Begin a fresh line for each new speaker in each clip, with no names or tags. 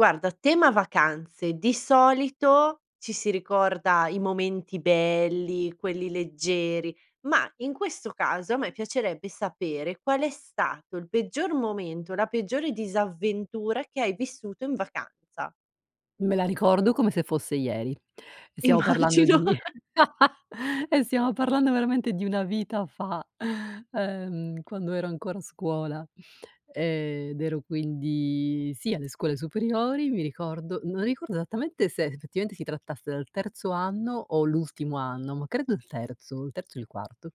Guarda, a tema vacanze di solito ci si ricorda i momenti belli, quelli leggeri ma in questo caso a me piacerebbe sapere qual è stato il peggior momento o la peggiore disavventura che hai vissuto in vacanza.
Me la ricordo come se fosse ieri. Stiamo parlando
Immagino.
di eh, stiamo parlando veramente di una vita fa. Ehm, quando ero ancora a scuola. Ehm, ed ero quindi sì, alle scuole superiori mi ricordo non ricordo esattamente se effettivamente si trattasse del terzo anno o l'ultimo anno ma credo il terzo, il terzo o il quarto.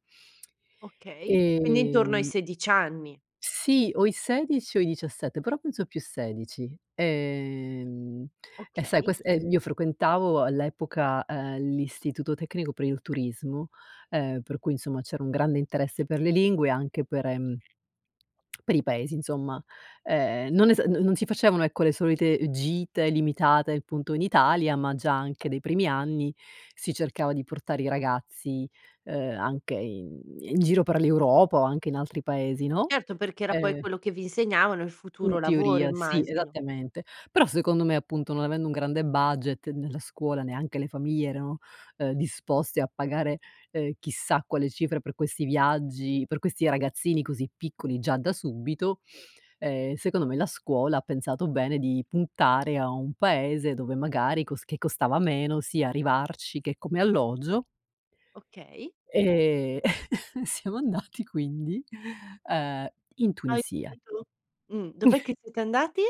Okay, quindi intorno ai
Ehm
16 anni.
Sì o i 16 o i 17, però penso più 16, ehm, e sai
Okay.
quest ehm, io frequentavo all'epoca, ehm, l'istituto tecnico per il turismo, ehm, per cui insomma c'era un grande interesse per le lingue anche per, ehm, per i paesi insomma. Ehm, non esa non non si facevano ecco, le solite, ehm, gite limitate appunto in Italia ma già anche dai primi anni si cercava di portare i ragazzi, uhm, anche in in giro per l'Europa o anche in altri paesi no.
Certo, perché era poi
Ehm
quello che vi insegnavano il futuro
In
lavoro,
teoria sì,
immagino.
esattamente, però secondo me appunto non avendo un grande budget, né la scuola neanche le famiglie erano, uhm, disposte a pagare, ehm, chissà quale cifre per questi viaggi per questi ragazzini così piccoli già da subito, ehm, secondo me la scuola ha pensato bene di puntare a un paese dove magari cos che costava meno sia arrivarci che come alloggio
Okay.
e siamo andati quindi, uhm, in Tunisia.
[unintelligible] tu. Mh. Dov'è che siete andati?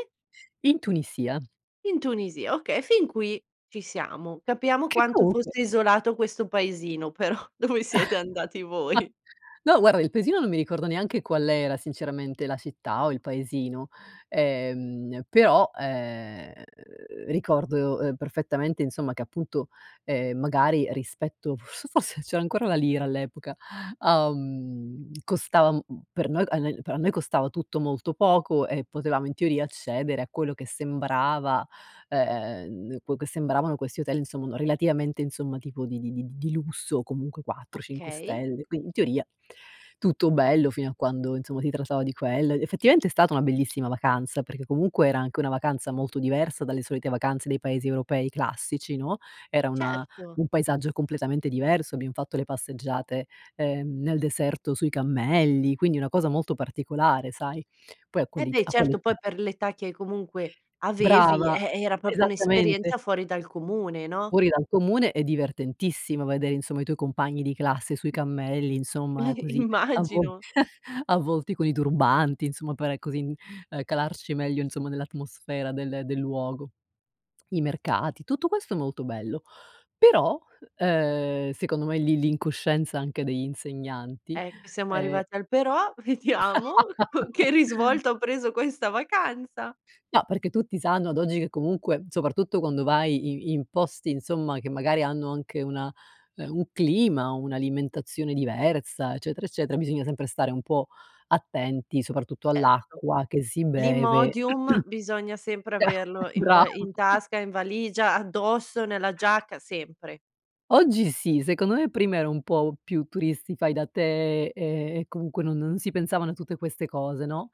In Tunisia.
In Tunisia, okay, e fin qui ci siamo. Capiamo
Che
quanto
comunque
fosse isolato questo paesino, però dove siete andati voi.
No guarda, il paesino non mi ricordo neanche qual era sinceramente, la città o il paesino. Ehm, però, ehm, ricordo, ehm, perfettamente insomma che appunto, ehm, magari rispetto f s forse c'era ancora la lira all'epoca, uhm, costava, mhmm, per noi a nel p a noi costava tutto molto poco e potevamo in teoria accedere a quello che sembrava, ehm, que che sembravano questi hotel insomma no, relativamente insomma, tipo di di di di lusso o comunque 4, 5
Okay.
stelle, quindi in teoria tutto bello fino a quando insomma si trattava di quello. Ed effettivamente è stata una bellissima vacanza, perché comunque era anche una vacanza molto diversa dalle solite vacanze dai paesi europei classici, no? Era una
Certo.
un paesaggio completamente diverso. Abbiamo fatto le passeggiate, ehm, nel deserto sui cammelli, quindi una cosa molto particolare sai. Poi a
Eh
quell'it
beh,
a
certo
quell'età
poi per l'età che comunque avevi,
Brava.
eh, era proprio
Esattamente.
un'esperienza fuori dal comune, no?
Fuori dal comune e divertentissimo vedere insomma i tuoi compagni di classe sui cammelli insomma così avvo
Immagino.
avvolti con i turbanti insomma per così, ehm, calarci meglio insomma nell'atmosfera del del luogo. I mercati, tutto questo è molto bello però, uhm, secondo me lì l'incoscienza anche degli insegnanti,
Ecco, siamo
ehm
arrivati al "però", vediamo co che risvolto ha preso questa vacanza.
No, perché tutti sanno ad oggi che comunque, soprattutto quando vai i in posti insomma che magari hanno anche una, ehm, un clima, un'alimentazione diversa, eccetera, eccetera, bisogna sempre stare un po' attenti, soprattutto
Certo.
all'acqua che si beve.
L'Imodium bisogna sempre averlo in
Brava.
va in tasca, in valigia, addosso, nella giacca, sempre.
Oggi sì, secondo me prima ero un po' più turisti fai da te e e comunque non non si pensavano a tutte queste cose, no.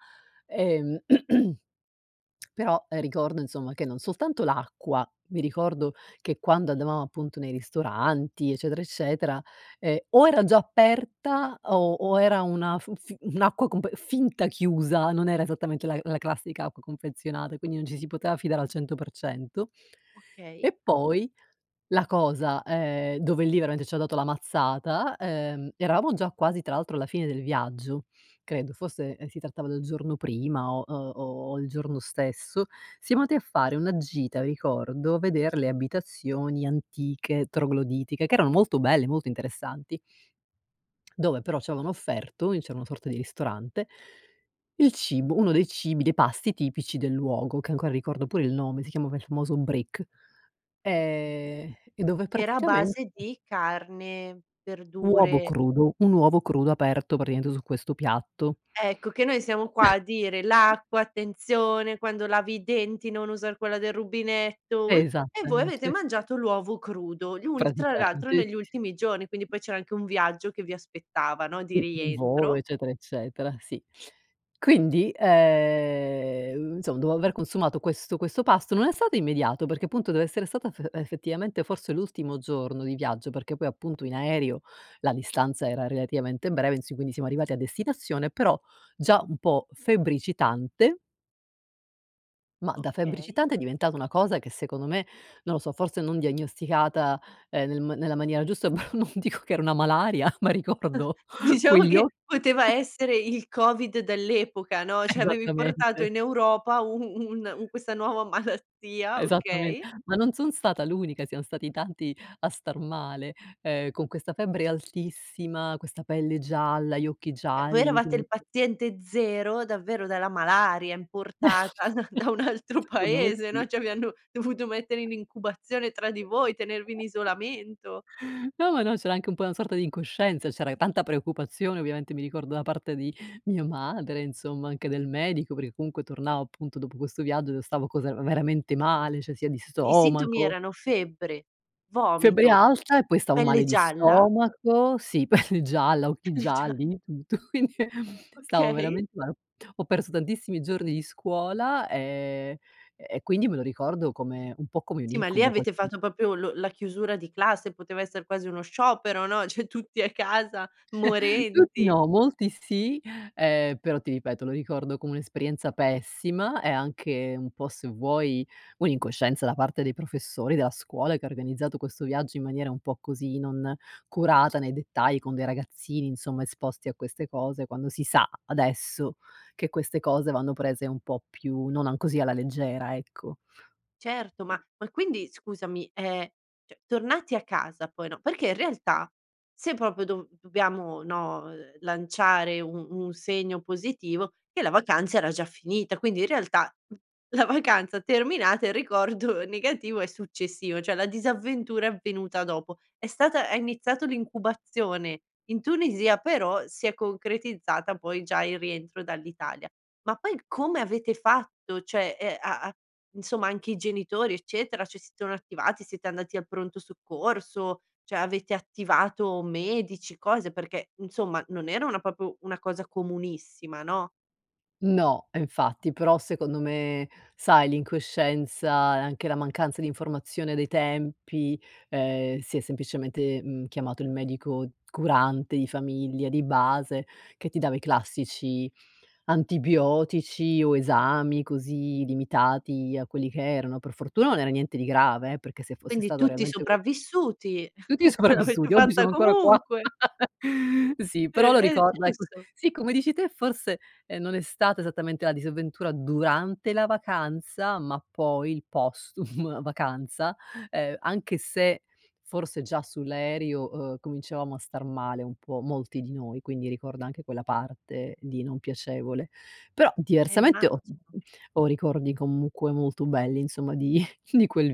Ehm, però, ehm, ricordo insomma che non soltanto l'acqua, mi ricordo che quando andavamo appunto nei ristoranti eccetera, eccetera, ehm, o era già aperta o o era una f f un'acqua compe finta chiusa, non era esattamente la la classica acqua confezionata, quindi non ci si poteva fidare al 100 %.
Okay.
E poi la cosa, ehm, dove lì veramente ci ha dato la mazzata, ehm, eravamo già quasi tra l'altro alla fine del viaggio, credo forse si trattava del giorno prima o o o il giorno stesso, siamo andati a fare una gita, ricordo a veder le abitazioni antiche trogloditiche che erano molto belle, molto interessanti dove però ci avevano offerto, lì c'era una sorta di ristorante, il cibo uno dei cibi dei pasti tipici del luogo, che ancora ricordo pure il nome, si chiama il famoso brick
Okay,
e e dove
che era a
praticamente
base di carne,
Uovo
verdure?
crudo, un uovo crudo aperto praticamente su questo piatto.
Ecco che noi siamo qua a dire: "L'acqua, attenzione quando lavi i denti, non usar quella del rubinetto", uhm, e voi avete
Esattamente.
mangiato l'uovo crudo gli ul tra l'altro
Praticamente.
negli ultimi giorni, quindi poi c'era anche un viaggio che vi aspettava no, di
Il volo,
rientro.
eccetera, eccetera, sì. Quindi, ehm, insom dopo aver consumato questo questo pasto, non è stato immediato perché appunto deve essere stata fe effettivamente forse l'ultimo giorno di viaggio, perché poi appunto in aereo la distanza era relativamente breve in si quindi siamo arrivati a destinazione, però già un po' febbricitante. Ma da
Okay.
febbricitante è diventata una cosa che secondo me, non lo so, forse non diagnosticata, ehm, nel ma nella maniera giusta, però non dico che era una malaria ma ricordo
Diciamo
quegli
che
o
poteva essere il Covid dell'epoca, no, cioè, avevi
Esattamente.
in Europa u u un un questa nuova malattia,
Esattamen
okay.
ma non son stata l'unica, siamo stati tanti a star male, ehm, con questa febbre altissima, questa pelle gialla, gli occhi
Cioè, voi
gialli
eravate il
[unintelligible]
paziente 0 davvero dalla malaria importata da un altro
Secondo me
paese,
sì.
no. Cioè vi hanno dovuto mettere in incubazione tra di voi, tenervi in isolamento.
No, ma no, c'era anche un po' una sorta di incoscienza c'era e tanta preoccupazione ovviamente, mi ricordo da parte di mia madre, insomma anche del medico perché comunque tornavo appunto dopo questo viaggio io stavo così, era veramente male, cioè sia di
I sintomi
stomaco
erano febbre,
Febbre
vomito,
alta e poi stavo
pelle
male di
gialla?
stomaco sì, pelle gialla, occhi
Pelle gia
gialli, di tutto. Quindi, ehm, stavo
Okay.
veramente male. Ho perso tantissimi giorni di scuola e e quindi me lo ricordo come un po' come un
Sì ma lì
incubo quel
avete
[unintelligible]
fatto proprio lo la chiusura di classe, poteva esser quasi uno sciopero, no, cioè tutti a casa
Tutti
morenti.
no, molti sì, ehm, però ti ripeto, lo ricordo come un'esperienza pessima e anche un po' se vuoi un'incoscienza da parte dei professori della scuola, che ha organizzato questo viaggio in maniera un po' così, non curata nei dettagli con dei ragazzini, insomma esposti a queste cose quando si sa, adesso che queste cose vanno prese un po' più, non an così alla leggera, ecco.
Certo ma ma quindi scusami, ehm, cioè tornati a casa poi no perché in realtà se proprio do dobbiamo no, ehm, lanciare un un segno positivo che la vacanza era già finita. Quindi in realtà, mhmm, la vacanza terminata, il ricordo negativo è successivo, cioè la disavventura è avvenuta dopo, è stata hai iniziato l'incubazione in Tunisia però si è concretizzata poi già il rientro dall'Italia. Ma poi come avete fatto? Cioè, ehm, a a insomma anche i genitori eccetera, ci si sono attivati, siete andati al pronto soccorso, cioè avete attivato medici, cose, perché insomma, non era una proprio una cosa comunissima, no?
No infatti, però secondo me sai l'incoscienza e anche la mancanza di informazione dei tempi, ehm, si è semplicemente, mhmm, chiamato il medico curante di famiglia di base che ti dava i classici antibiotici o esami, così limitati a quelli che erano. Per fortuna non era niente di grave eh, perché se fosse
Quindi
stato
tutti
realmente qualche
sopravvissuti,
Tutti
ce l'avete
sopravvissuti, oggi
fatta
sono ancora qua.
comunque.
Sì però lo
Eh, ehm,
ricorda ecco,
giusto.
sì come dici te forse, ehm, non è stata esattamente la disavventura durante la vacanza ma poi il postum vacanza, ehm, anche se forse già sull'aereo, uhm, cominciavamo a star male un po' molti di noi, quindi ricordo anche quella parte di non piacevole. Però
Eh
diversamente ho
immagino.
ho ricordi comunque molto belli insomma di di quel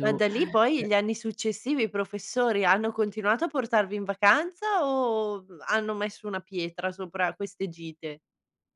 Ma da lì poi gli anni successivi i professori hanno continuato a portarvi in vacanza o hanno messo una pietra sopra queste gite?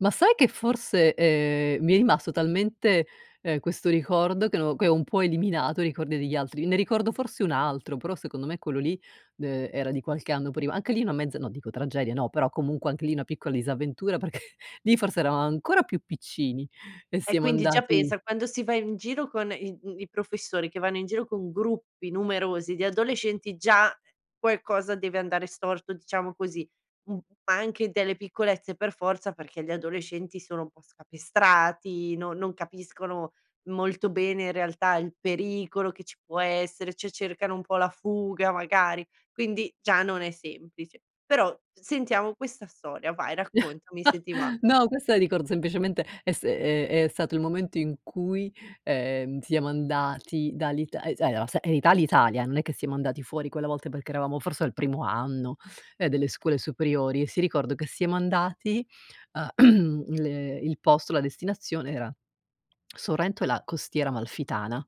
Ma sai che forse, ehm, mi è rimasto talmente, ehm, questo ricordo che no che ho un po' eliminato i ricordi degli altri, ne ricordo forse un altro però secondo me quello lì, ehm, era di qualche anno prima. Anche lì una mezza, no, dico tragedia no, però comunque anche lì una piccola disavventura, perché lì forse eravam ancora più piccini e
E
siamo
quindi già
andati
pensa quando si va in giro con i, ehm, i professori che vanno in giro con gruppi numerosi di adolescenti, già, ehm, qualcosa deve andare storto, diciamo così. Mh, ma anche delle piccolezze per forza perché gli adolescenti sono un po' scapestrati, no non capiscono molto bene in realtà il pericolo che ci può essere, cioè cercano un po' la fuga magari. Quindi già non è semplice. Però sentiamo questa storia, vai raccontami se ti va.
No, questa la ricordo semplicemente è st ehm, è stato il momento in cui siamo, ehm, andati dall'Ita e allora s e in Ita in Italia, non è che siamo andati fuori quella volta perché eravamo forse al primo anno, ehm, delle scuole superiori e si ricordo che siamo andati a l il posto, la destinazione era Sorrento e la Costiera Amalfitana.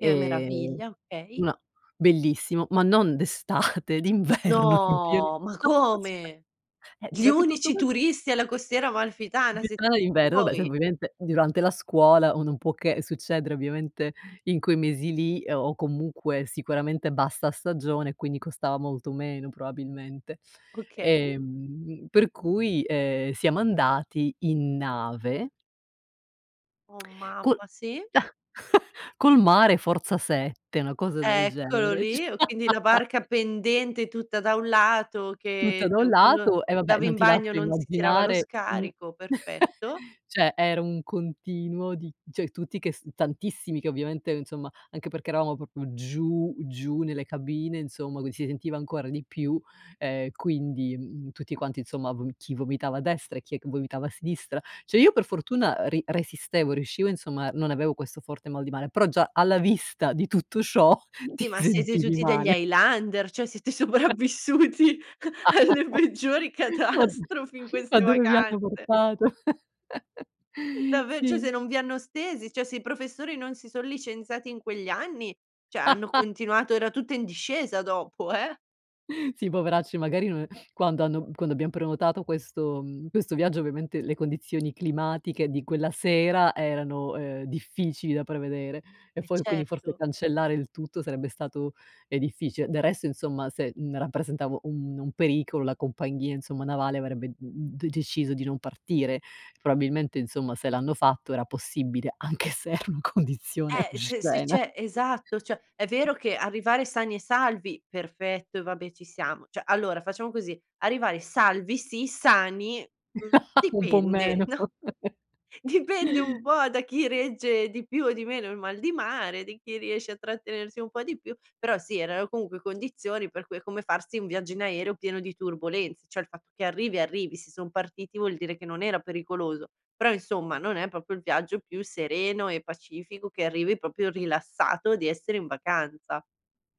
Che meraviglia, okay.
una bellissimo ma non d'estate, d'inverno in pien
No! Ma come?
eh,
Gli
cioè che tutto
unici
quan
turisti alla Costiera Amalfitana siet
[unintelligible] d'inverno, vabbè sai
voi?
ovviamente durante la scuola o non può che succedere ovviamente in quei mesi lì, ehm, o comunque sicuramente bassa stagione, quindi costava molto meno probabilmente.
Okay.
Ehm, per cui, ehm, siamo andati in nave.
Oh
Col
mamma, sì.
col mare forza 7, una cosa del
Eccolo
genere.
lì, o quindi la barca pendente tutta da un lato
Tutta
che
da un
[unintelligible] quando
lato e vabbè
andavo
non
in
ti
bagno
lascio
non si tirava lo
immaginare, mhmm,
scarico, perfetto.
cioè era un continuo di cioè tutti che s tantissimi che ovviamente, ehm, insomma anche perché eravamo proprio giù giù nelle cabine, insomma qui si sentiva ancora di più, ehm, quindi, mhmm, tutti quanti insomma v chi vomitava a destra e chi è che vomitava a sinistra. Cioè, io per fortuna, ehm, ri resistevo, riuscivo insomma, non avevo questo forte mal di male, però già alla vista di tutto ciò ti
Sì ma siete
sentivi
tutti degli
male.
highlander, cioè siete sopravvissuti alle peggiori
Ma d
catastrofi in
ma
queste
dove mi hanno
vacanze.
portato!
Davve cioè se
Sì.
non vi hanno stesi, cioè se i professori non si son licenziati in quegli anni, cioè hanno continuato era tutta in discesa dopo, eh.
Sì, poveracci magari non e quando hanno quando abbiamo prenotato questo, mhmm, questo viaggio ovviamente le condizioni climatiche di quella sera erano, uhm, difficili da prevedere e
Eh
fo quindi forse
certo.
cancellare il tutto sarebbe stato, ehm, difficile. Del resto insomma se, mhmm, rappresentavo un un pericolo la compagnia insomma navale avrebbe, mhmm, de deciso di non partire. Probabilmente insomma se l'hanno fatto era possibile, anche se era una condizione
Eh se se
oscena.
c'è esatto, cioè è vero che arrivare sani e salvi, perfetto e vabbè ci siamo. Cioè, allora facciamo così arrivare salvi si, sani, mhmm,
Un pò
dipende
meno.
no? Dipende un po' da chi regge di più o di meno il mal di mare, di chi riesce a trattenersi un po' di più, però sì erano comunque condizioni per cui è come farsi un viaggio in aereo pieno di turbolenze, cioè il fatto che arrivi, arrivi, se son partiti vuol dire che non era pericoloso, però insomma non è proprio il viaggio più sereno e pacifico che arrivi proprio rilassato di essere in vacanza.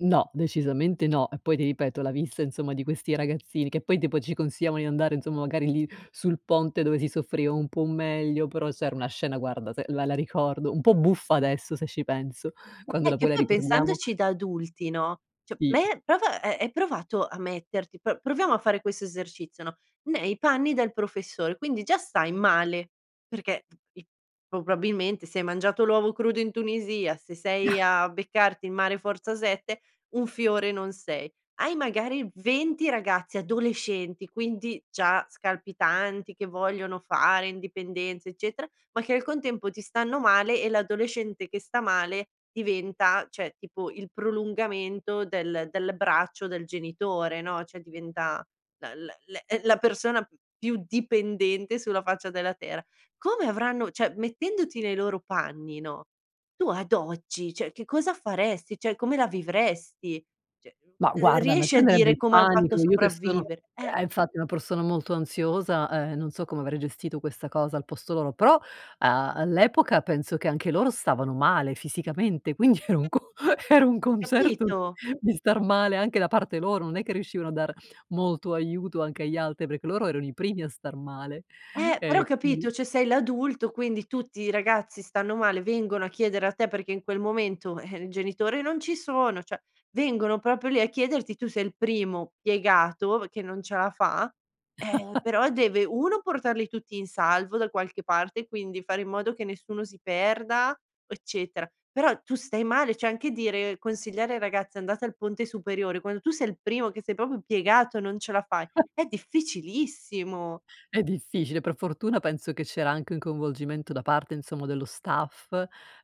No, decisamente no, e poi ti ripeto la vista insomma di questi ragazzini che poi tipo ci consigliavan di andare insomma, magari lì sul ponte, dove si soffriva un po' meglio però c'era una scena guarda se la la ricordo, un po' buffa adesso se ci penso quando
Eh,
la
che
vuoi la
poi
ricordiamo.
pensandoci da adulti no, cioè
Sì.
me prova, ehm, hai provato a metterti, pro proviamo a fare questo esercizio no, nei panni del professore. Quindi già stai male, perché [unintelligible] probabilmente se hai mangiato l'uovo crudo in Tunisia, se sei a beccarti il mare forza 7 un fiore non sei. Hai magari 20 ragazzi adolescenti, quindi già scalpitanti, che vogliono fare indipendenze, eccetera, ma che al contempo ti stanno male e l'adolescente che sta male diventa cioè, tipo il prolungamento del del braccio del genitore, no, cioè diventa la la la, ehm, la persona più dipendente sulla faccia della terra. Come avranno cioè, mettendoti nei loro panni, no, tu ad oggi cioè che cosa faresti? Cioè come la vivresti? Cioè,
Ma
ehm,
guarda a me
riesci a
prenderebbe
dire:
il
"Come han fatto a
panico, io che sono
sopravvivere?" Eh.
eh infatti una persona molto ansiosa, ehm, non so come avrei gestito questa cosa al posto loro, però a all'epoca penso che anche loro stavano male fisicamente quindi era un co era un concerto di
Capito?
di star male anche da parte loro, non è che riuscivano a dar molto aiuto anche agli altri perché loro erano i primi a star male.
Eh! Però
E quindi
capito, cioè sei l'adulto quindi tutti i ragazzi stanno male, vengono a chiedere a te perché in quel momento, eh, il genitore non ci sono cioè vengono proprio lì a chiederti, tu sei il primo piegato che non ce la fa, ehm, però deve: 1 portarli tutti in salvo da qualche parte, quindi fare in modo che nessuno si perda, eccetera, però tu stai male cioè anche dire consigliare ai ragazzi andate al ponte superiore, quando tu sei il primo che sei proprio piegato e non ce la fai, è difficilissimo.
È difficile, per fortuna penso che c'era anche un coinvolgimento da parte insomma dello staff,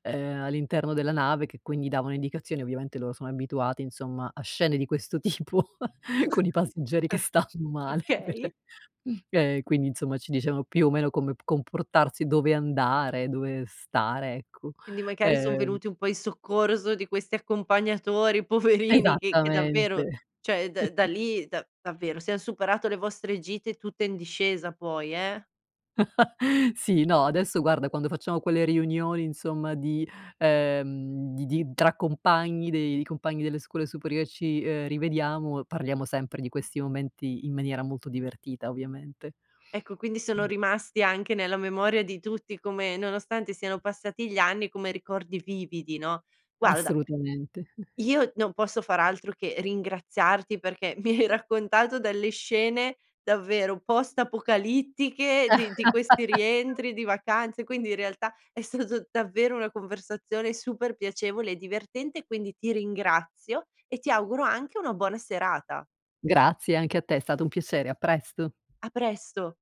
ehm, all'interno della nave che quindi davano indicazioni, ovviamente loro sono abituati insomma a scene di questo tipo con i passeggeri che stanno male per,
Okay.
ehm, quindi insomma ci dicevano più o meno come p comportarsi dove andare, dove stare, ecco,
Quindi magari son
ehm
venuti un po' in soccorso di questi accompagnatori, poverini che che davvero,
Esattamente.
cioè da da lì da davvero se han superato le vostre gite tutte in discesa poi, eh.
Sì, no, adesso guarda, quando facciamo quelle riunioni insomma di ehm, di di tra compagni dei di compagni delle scuole superiori ci, ehm, rivediamo, parliamo sempre di questi momenti in maniera molto divertita, ovviamente.
Ecco, quindi sono
Mh.
rimasti anche nella memoria di tutti, come nonostante siano passati gli anni, come ricordi vividi, no. Guarda
Assolutamente.
io non posso far altro che ringraziarti perché mi hai raccontato delle scene davvero post apocalittiche di di questi rientri di vacanze, quindi in realtà è stato davvero una conversazione super piacevole e divertente, quindi ti ringrazio e ti auguro anche una buona serata.
Grazie, anche a te, è stato un piacere, a presto.
A presto.